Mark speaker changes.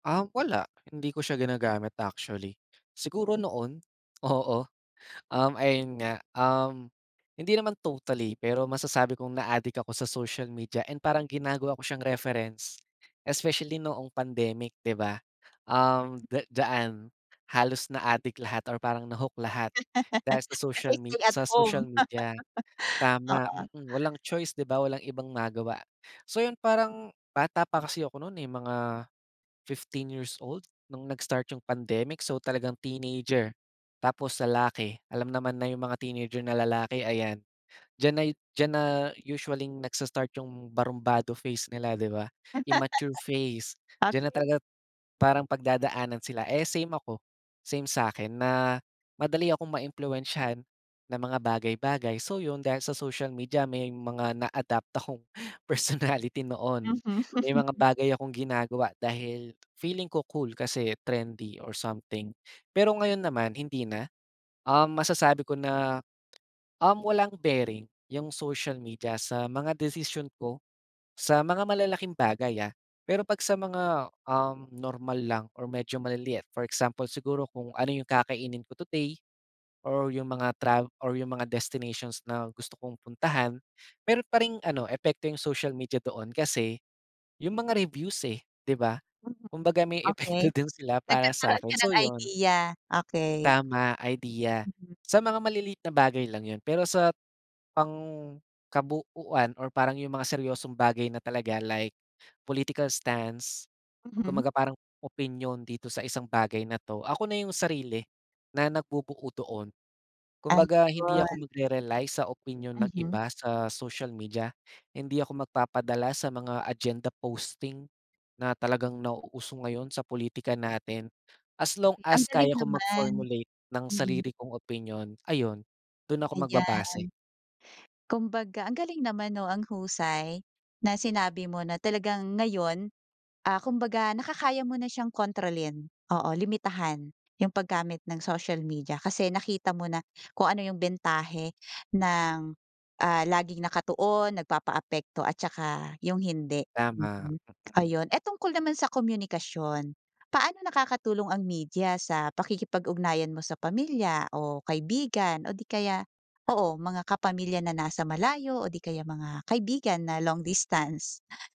Speaker 1: Ah, wala. Hindi ko siya ginagamit, actually. Siguro noon, oo, um, ayun nga, um, hindi naman totally pero masasabi kong naadik ako sa social media and parang ginagawa ko siyang reference, especially noong pandemic, di ba. Um, da diyaan, halos naadik lahat or parang na-hook lahat dahil sa
Speaker 2: Kasi,
Speaker 1: social me
Speaker 2: stay at
Speaker 1: sa
Speaker 2: home.
Speaker 1: social media. Tama,
Speaker 2: Oo.
Speaker 1: mm, walang choice, 'di ba, walang ibang magawa. So 'yon, parang, bata pa kasi ako no'n, eh, mga 15 years old, no'ng nag-start 'yong pandemic, so talagang teenager tapos lalaki, alam naman na 'yong mga teenager na lalaki, ayan, diyan na 'yo diyan na usualling nagsa-start 'yong barumbado phase nila, 'di ba. Immature phase, diyan na
Speaker 2: Okay.
Speaker 1: talaga parang pagdadaanan sila, eh, same ako, same sa'kin na madali akong maimpluwensyahan, ng mga bagay-bagay. So 'yon, dahil sa social media may mga na-adapt akong personality noon,
Speaker 2: Mhm.
Speaker 1: may mga bagay akong ginagawa dahil feeling ko cool kasi trendy or something. Pero ngayon naman hindi na, um, masasabi ko na, um, walang bearing 'yong social media sa mga desisyon ko, sa mga malalaking bagay, ah, pero pag sa mga, um, normal lang or medyo maliliit for example siguro, kung ano 'yong kakainin ko today or 'yong mga trav or 'yong mga destinations na gusto kong puntahan. Meron pa ring ano, epekto 'yong social media doon kasi, 'yong mga reviews, eh, 'di ba,
Speaker 2: Mhm.
Speaker 1: kumbaga may
Speaker 2: Okay.
Speaker 1: epekto din sila para
Speaker 2: Nagkakaroon
Speaker 1: sa'kin,
Speaker 2: ka
Speaker 1: so
Speaker 2: ng
Speaker 1: 'yon.
Speaker 2: idea, okay.
Speaker 1: Tama, idea.
Speaker 2: Mhm.
Speaker 1: Sa mga maliliit na bagay lang 'yon, pero sa, pangkabuuan or parang 'yong mga seryosong bagay na talaga, like political stance,
Speaker 2: Mhm.
Speaker 1: kumbaga parang opinyon dito sa isang bagay na 'to ako na 'yong sarili, na nagbubuo doon. Kumbaga hindi
Speaker 2: Ayun.
Speaker 1: ako magre-rely sa opinyon ng
Speaker 2: Mhm.
Speaker 1: iba sa social media, hindi ako magpapadala sa mga agenda posting, na talagang nauuso ngayon sa pulitika natin, as long
Speaker 2: Okay, ang
Speaker 1: as
Speaker 2: galing
Speaker 1: kaya kong
Speaker 2: naman.
Speaker 1: mag-formulate ng
Speaker 2: Mhm.
Speaker 1: sarili kong opinyon, ayun, do'n ako
Speaker 2: Ayan.
Speaker 1: magbabase.
Speaker 2: Kumbaga, ang galing naman, 'no, ang husay, na sinabi mo na talagang ngayon, ah, kumbaga nakakaya mo na siyang kontrolin. Oo, limitahan 'yong paggamit ng social media kasi nakita mo na, kung ano 'yong bentahe ng, ah, laging nakatuon, nagpapaapekto at saka 'yong hindi,
Speaker 1: Tama,
Speaker 2: mhm,
Speaker 1: mm.
Speaker 2: ayun. Eh, tungkol naman sa komunikasyon, paano nakakatulong ang media sa pakikipag-ugnayan mo sa pamilya o kaibigan o 'di kaya oo, mga kapamilya na nasa malayo o 'di kaya mga kaibigan na long distance?